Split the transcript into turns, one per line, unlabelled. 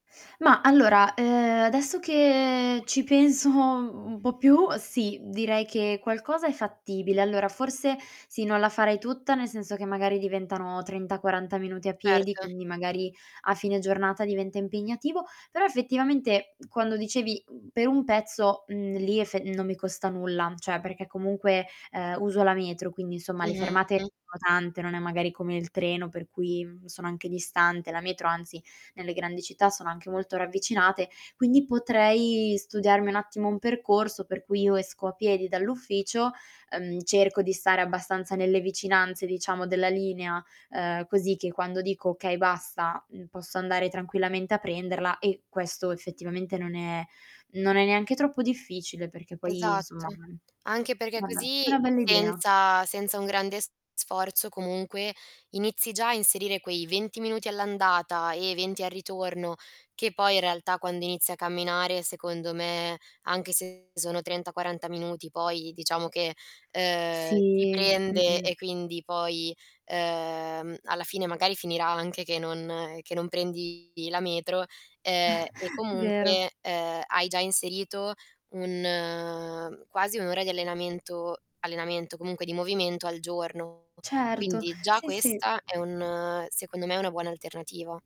Ma allora, uhm, adesso che ci penso un po' più, sì, direi che qualcosa è fattibile. Allora forse sì, non la farei tutta, nel senso che magari diventano 30-40 minuti a piedi,
Erto.
quindi magari a fine giornata diventa impegnativo. Però effettivamente quando dicevi, mhmm, "per un pezzo", mhmm, lì efe non mi costa nulla, cioè perché comunque, uhm, uso la metro, quindi insomma le fermate
Mh-mh.
sono tante, non è magari come il treno per cui, mhmm, sono anche distante; la metro anzi nelle grandi città sono anche molto ravvicinate, quindi potrei studiarmi un attimo un percorso per cui io esco a piedi dall'ufficio, uhm, cerco di stare abbastanza nelle vicinanze, diciamo, della linea, uhm, così che quando dico: "Okay, basta", mhmm, posso andare tranquillamente a prenderla e questo effettivamente non è non è neanche troppo difficile perché poi insomma
Esatto,
mhmm,
anche perché
vabbè, è
così
una bella idea.
senza senza un grande s sforzo comunque inizi già a inserire quei 20 minuti all'andata e 20 al ritorno, che poi in realtà quando inizi a camminare secondo me, anche se sono 30-40 minuti poi diciamo che, uhm, ti
Si,
prende
mh-mh.
e quindi poi, uhm, alla fine magari finirà anche che non che non prendi la metro, ehm, e
Vero.
comunque, ehm, hai già inserito un quasi 1 ora di allenamento allenamento, comunque di movimento al giorno.
Certo,
Quindi già
sì, sì.
questa è un secondo me, una buona alternativa.